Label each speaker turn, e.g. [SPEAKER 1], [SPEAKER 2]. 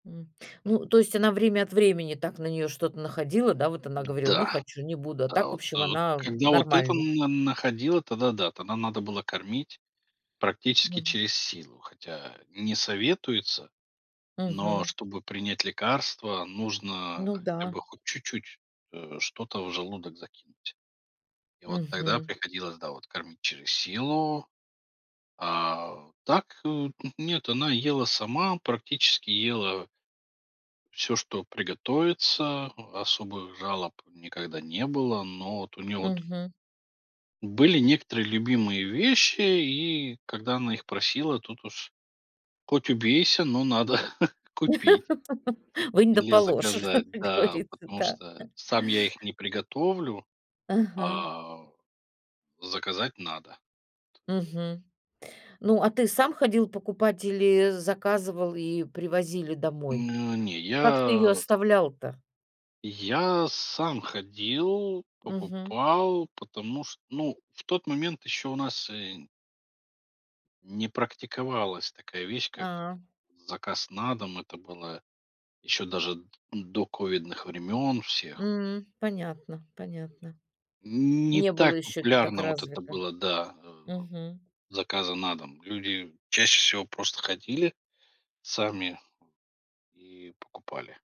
[SPEAKER 1] М. Ну, то есть она время от времени, так на нее что-то находила, да? Вот она говорила: "Не
[SPEAKER 2] Да.
[SPEAKER 1] хочу, не буду", а
[SPEAKER 2] Да
[SPEAKER 1] так, в
[SPEAKER 2] вот
[SPEAKER 1] общем,
[SPEAKER 2] так,
[SPEAKER 1] она, м,
[SPEAKER 2] когда вот это
[SPEAKER 1] нормально.
[SPEAKER 2] н на находила, тогда да, тогда надо было кормить, практически,
[SPEAKER 1] Мгм.
[SPEAKER 2] через силу. Хотя не советуется, но
[SPEAKER 1] Мгм.
[SPEAKER 2] чтобы принять лекарство нужно
[SPEAKER 1] Ну
[SPEAKER 2] хотя бы
[SPEAKER 1] да.
[SPEAKER 2] хоть чуть-чуть, э, что-то в желудок закинуть и вот тогда
[SPEAKER 1] Мгм.
[SPEAKER 2] приходилось, да, вот кормить через силу. А так, э, т нет она ела сама, практически ела всё, что приготовится, особых жалоб никогда не было. Но вот, у нее вот
[SPEAKER 1] Мгм.
[SPEAKER 2] Были некоторые любимые вещи и когда она их просила тут уж, хоть убейся, но надо купить
[SPEAKER 1] Вынь да
[SPEAKER 2] или
[SPEAKER 1] положь, как
[SPEAKER 2] заказать, да,
[SPEAKER 1] говорится,
[SPEAKER 2] потому
[SPEAKER 1] да.
[SPEAKER 2] что сам я их не приготовлю,
[SPEAKER 1] Ага.
[SPEAKER 2] а, заказать надо.
[SPEAKER 1] Мгм. Ну, а, ты сам ходил покупать или заказывал и привозили домой?
[SPEAKER 2] Ну, не
[SPEAKER 1] Как ты её
[SPEAKER 2] я.
[SPEAKER 1] оставлял-то?
[SPEAKER 2] Я сам ходил,
[SPEAKER 1] Мгм.
[SPEAKER 2] покупал, потому что, ну, в тот момент еще у нас, э не практиковалась такая вещь, как
[SPEAKER 1] А.
[SPEAKER 2] заказ на дом. Это было еще даже д до ковидных времен всех.
[SPEAKER 1] М. Понятно понятно.
[SPEAKER 2] Не
[SPEAKER 1] Не было
[SPEAKER 2] так
[SPEAKER 1] ещё это так
[SPEAKER 2] популярно вот это
[SPEAKER 1] развито.
[SPEAKER 2] было, да, э,
[SPEAKER 1] Мгм.
[SPEAKER 2] заказа на дом. Люди чаще всего просто ходили сами и покупали.